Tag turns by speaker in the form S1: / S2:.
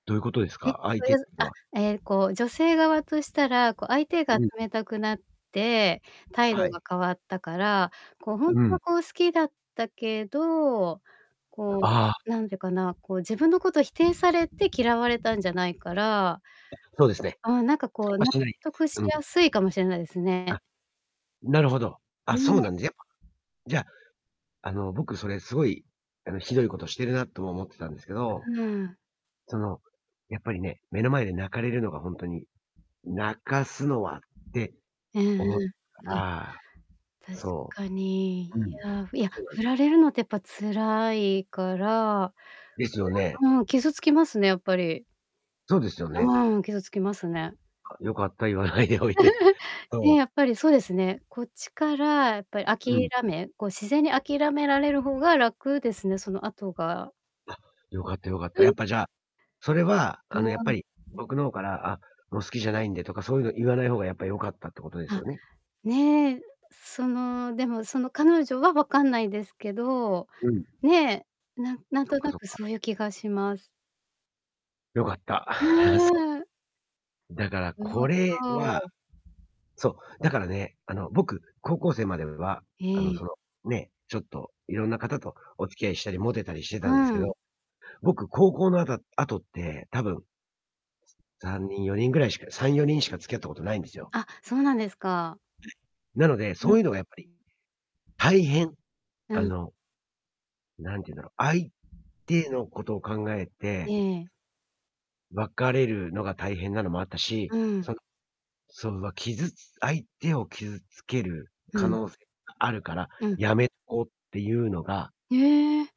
S1: どういうことです
S2: え、
S1: か？
S2: そ
S1: 相
S2: れ、
S1: 手っいう
S2: あ、
S1: は
S2: ええ、こう女性側としたら、こう相手が
S1: うん。
S2: 冷たくなって、態
S1: は
S2: 度が
S1: い。
S2: 変わったから、こうほんと
S1: う
S2: は
S1: ん。
S2: こう好きだったけど、こ
S1: ああ。
S2: うなんてかな、こう自分のことを否定されて嫌われたんじゃないから、
S1: そうですね。
S2: あん、なんかこう
S1: あ、
S2: 納
S1: 普通に
S2: 得し
S1: うん。
S2: やすいかもしれないですね。
S1: あ、なるほど。あ、そう
S2: ね。
S1: なんやっぱじゃあ、あの、僕それすごいひどいことしているなとも思ってたんですけど
S2: うーん。
S1: その、やっぱりね、目の前で泣かれるのがほんとに泣かすのはって
S2: うんうん、
S1: 思っ
S2: うん。
S1: たら、
S2: 確
S1: そ
S2: かに、い
S1: う、うん、
S2: や、いや、
S1: そう。
S2: 振られるのってやっぱ辛いから、
S1: ですよ
S2: そ
S1: ね。
S2: れは、傷つきますね、やっぱり。
S1: そうですよね。
S2: うん、傷つきますね。
S1: あ、良かった、言わないでおいて。
S2: ね、
S1: そう。
S2: やっぱりそうですね、こっちからやっぱり
S1: う
S2: 諦
S1: ん。
S2: めこう、自然に諦められる方が楽ですね、その後が。
S1: あ、よかったよかった。
S2: う
S1: や
S2: ん。
S1: っぱじゃあ、それは、
S2: ど
S1: あの、
S2: う
S1: やっ
S2: な
S1: ぱり僕の方から、あ、もう好きじゃないんでとか、そういうの言わない方がやっぱり良かったってことです
S2: あ、
S1: よね。
S2: ね、その、でも、その彼女はわかんないですけど。
S1: うん。
S2: ね、なんなん
S1: そっ
S2: と
S1: か
S2: な
S1: そっ
S2: く
S1: か。
S2: そういう気がします。
S1: 良かった。あ
S2: ね
S1: あ、そう。
S2: え。
S1: だからこれは、そう、だからね、あの、僕、高校生までは、あの
S2: ええ。
S1: そのね、ちょっといろんな方とお付き合いしたりモテたりして
S2: う
S1: たんですけ
S2: ん。
S1: ど、僕、高校のあた後って多分3人、4人ぐらいしか、3、4人しか付き合ったことないんですよ。
S2: あ、そうなんですか。
S1: なので、
S2: う
S1: そ
S2: ん。
S1: ういうのがやっぱり、大変、
S2: う
S1: あ
S2: ん。
S1: のなんて言うんだろう、相手のことを考え
S2: え
S1: て
S2: え。
S1: 別れるのが大変なのもあったし、
S2: うん。
S1: そのそ、傷つ相手を傷つける
S2: う
S1: 可
S2: ん。
S1: 能性があるから
S2: うん。
S1: やめとこうっていうのが
S2: へえ。